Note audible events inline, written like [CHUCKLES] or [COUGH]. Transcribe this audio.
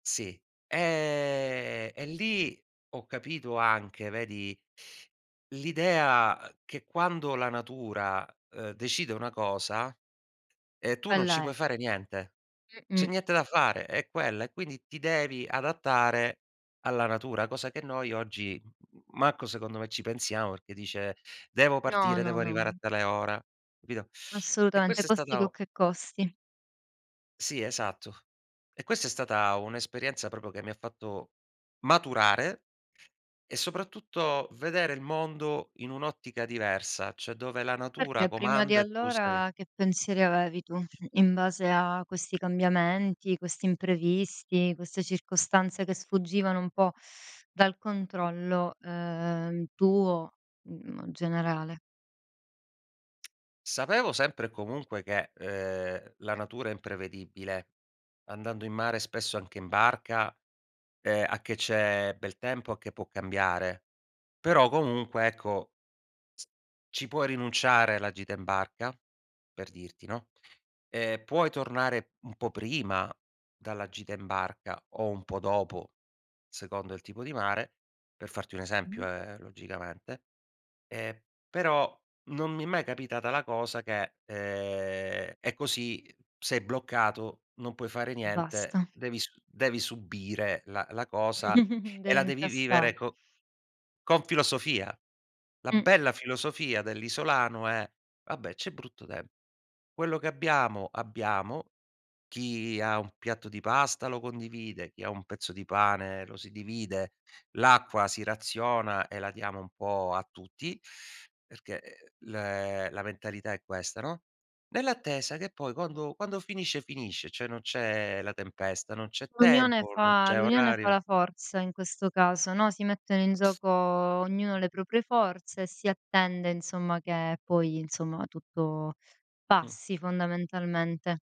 Sì, eh, e lì ho capito anche, vedi, l'idea, ehm, che quando la natura, ehm, decide una cosa, ehm, tu non ci Quella è. puoi fare niente. C'è Mh-mh. niente da fare, è quella. E quindi ti devi adattare alla natura, cosa che noi oggi, m m manco secondo me ci pensiamo perché dice: "Devo No, partire, devo no, arrivare a no. tale ora". Capito? E Assolutamente, questa è costi quel stata che costi. Sì, esatto. E questa è stata un'esperienza proprio che mi ha fatto maturare e soprattutto vedere il mondo in un'ottica diversa, cioè dove la natura Perché prima di comanda e tu sei allora che pensieri avevi tu, in base a questi cambiamenti, questi imprevisti, queste circostanze che sfuggivano un po' dal controllo, ehm, tuo, generale? Sapevo sempre e comunque che, ehm, la natura è imprevedibile, andando in mare, spesso anche in barca, ehm, a che c'è bel tempo, a che può cambiare. Però comunque, ecco, ci puoi rinunciare alla gita in barca, per dirti, no, ehm, puoi tornare un po' prima dalla gita in barca o un po' dopo, secondo il tipo di mare, per farti un Mh. esempio eh, logicamente; ehm, però non mi è mai capitata la cosa che, ehm, è così, sei bloccato, non puoi fare niente, Basta. devi su devi subire la la cosa [CHUCKLES] e Devi la devi incassa vivere co con filosofia. La Mh. bella filosofia dell'isolano è: "Vabbè c'è brutto tem quello che abbiamo, abbiamo", chi ha un piatto di pasta lo condivide, chi ha un pezzo di pane lo si divide, l'acqua si raziona e la diamo un po' a tutti, perché, ehm, l la mentalità è questa, no, nell'attesa che poi quando quando finisce, finisce, cioè non c'è la tempesta, non c'è L'unione tempo, non fa c'è l'unione fa orario. la forza in questo caso, no, si mettono in gioco ognuno le proprie forze e si attende, insomma, che poi, insomma, tutto Mh. passi fondamentalmente.